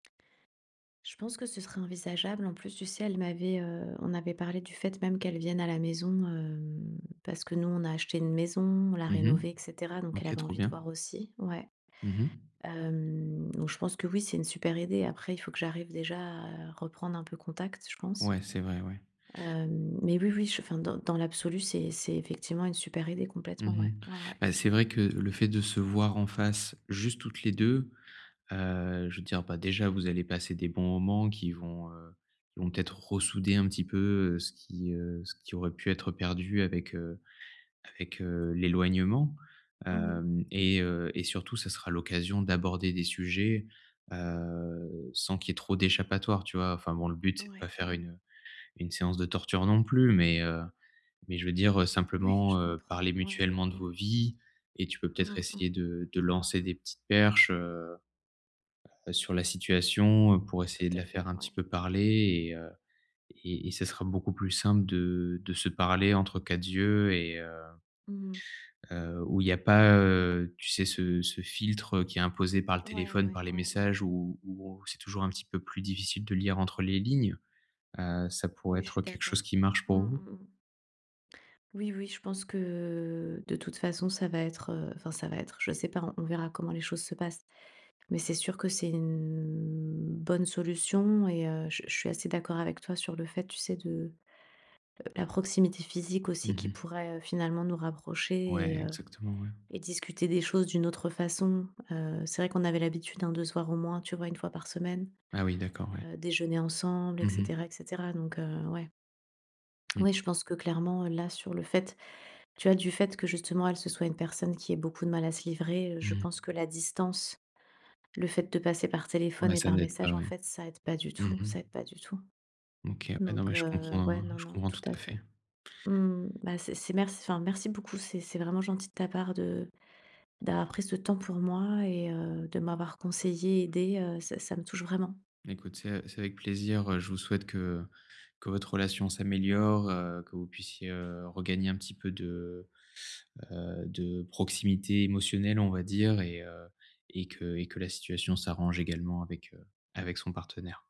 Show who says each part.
Speaker 1: Je pense que ce serait envisageable. En plus, tu sais, elle m'avait, heu, on avait parlé du fait même qu'elle vienne à la maison, hem, parce que nous, on a acheté une maison, on l'a
Speaker 2: Mmh mh.
Speaker 1: rénovée et cetera, donc elle
Speaker 2: OK,
Speaker 1: avait
Speaker 2: trop
Speaker 1: envie de
Speaker 2: bien.
Speaker 1: voir aussi ouais.
Speaker 2: Mmh mh.
Speaker 1: Hem, donc je pense que oui, c'est une super idée. Après, il faut que j'arrive déjà à reprendre un peu contact, je pense.
Speaker 2: Ouais, c'est vrai, ouais.
Speaker 1: Hem, mais oui, oui, je enfin dans dans l'absolu, c'est c'est effectivement une super idée,
Speaker 2: Mmh
Speaker 1: complètement,
Speaker 2: mh.
Speaker 1: ouais. Ouais, ouais.
Speaker 2: Bah, c'est vrai que le fait de se voir en face, juste toutes les 2, heu, je veux dire, bah, déjà, vous allez passer des bons moments qui vont, heu, qui vont peut-être ressouder un petit peu, heu, ce qui, heu, ce qui aurait pu être perdu avec, heu, avec, heu, l'éloignement,
Speaker 1: Mmh mh.
Speaker 2: hem et heu et surtout, ça sera l'occasion d'aborder des sujets, heu, sans qu'il y ait trop d'échappatoire, tu vois? Enfin bon, le but c'est de
Speaker 1: Ouais,
Speaker 2: pas faire
Speaker 1: ouais.
Speaker 2: une, heu, une séance de torture, non plus mais, heu, mais je veux dire, heu,
Speaker 1: Ouais, je
Speaker 2: simplement, heu,
Speaker 1: comprends.
Speaker 2: parler
Speaker 1: Ouais, ouais,
Speaker 2: mutuellement de vos
Speaker 1: ouais.
Speaker 2: vies et tu peux peut-être
Speaker 1: Mmh
Speaker 2: essayer
Speaker 1: mh.
Speaker 2: de de lancer des petites perches, heu heu sur la situation pour
Speaker 1: Tout
Speaker 2: essayer de
Speaker 1: à
Speaker 2: la
Speaker 1: fait,
Speaker 2: faire un petit
Speaker 1: ouais.
Speaker 2: peu parler. Et heu et et ce sera beaucoup plus simple de de se parler entre quatre yeux et heu
Speaker 1: Mmh mh.
Speaker 2: heu où il y a pas, heu, tu sais, ce ce filtre, heu, qui est imposé par le
Speaker 1: Ouais, ouais,
Speaker 2: téléphone,
Speaker 1: ouais,
Speaker 2: par les
Speaker 1: ouais, ouais.
Speaker 2: messages, où où c'est toujours un petit peu plus difficile de lire entre les lignes. Heu, ça pourrait
Speaker 1: Oui, je suis
Speaker 2: être quelque
Speaker 1: d'accord.
Speaker 2: chose qui marche
Speaker 1: Mmh
Speaker 2: pour vous?
Speaker 1: mh, mmh. Oui, oui, oui, je pense que, de toute façon, ça va être, heu enfin ça va être, je sais pas, on on verra comment les choses se passent. Mais c'est sûr que c'est une bonne solution. Et heu, je je suis assez d'accord avec toi sur le fait, tu sais, de, heu, la proximité physique
Speaker 2: Mmh
Speaker 1: aussi qui
Speaker 2: mh.
Speaker 1: pourrait, heu, finalement nous
Speaker 2: Ouais,
Speaker 1: rapprocher et heu
Speaker 2: exactement, ouais.
Speaker 1: et discuter des choses d'une autre façon. Heu, c'est vrai qu'on avait l'habitude, hein, de se voir au moins, tu vois, 1 fois par semaine,
Speaker 2: Ah oui, d'accord, ouais.
Speaker 1: heu, déjeuner ensemble et
Speaker 2: Mmh mh.
Speaker 1: cetera et cetera. Donc, heu, ouais.
Speaker 2: Mmh.
Speaker 1: Oui, je pense que clairement, heu, là, sur le fait, tu vois, du fait que justement, elle, se soit une personne qui ait beaucoup de mal à se livrer, heu, je
Speaker 2: Mmh.
Speaker 1: pense que la distance, le fait de passer par téléphone
Speaker 2: Ouais,
Speaker 1: et
Speaker 2: ça
Speaker 1: par
Speaker 2: n'aide pas,
Speaker 1: message, en
Speaker 2: ouais.
Speaker 1: fait, ça aide pas du
Speaker 2: Mmh
Speaker 1: tout,
Speaker 2: mh.
Speaker 1: ça aide pas du tout.
Speaker 2: OK, ouais, non, mais
Speaker 1: Donc,
Speaker 2: je
Speaker 1: heu,
Speaker 2: comprends,
Speaker 1: ouais,
Speaker 2: hein.
Speaker 1: non,
Speaker 2: Je
Speaker 1: non,
Speaker 2: comprends
Speaker 1: tout
Speaker 2: tout
Speaker 1: à
Speaker 2: à
Speaker 1: fait.
Speaker 2: fait.
Speaker 1: Mmh mh. Bah, c'est c'est merc enfin, merci beaucoup, c'est c'est vraiment gentil de ta part de d'avoir pris ce temps pour moi et heu, de m'avoir conseillée, aidée, heu, ça ça me touche vraiment.
Speaker 2: Écoute, c'est a c'est avec plaisir, heu, je vous souhaite que que votre relation s'améliore, heu, que vous puissiez, heu, regagner un petit peu de, heu, de proximité émotionnelle, on va dire et heu et que et que la situation s'arrange également avec, heu, avec son partenaire.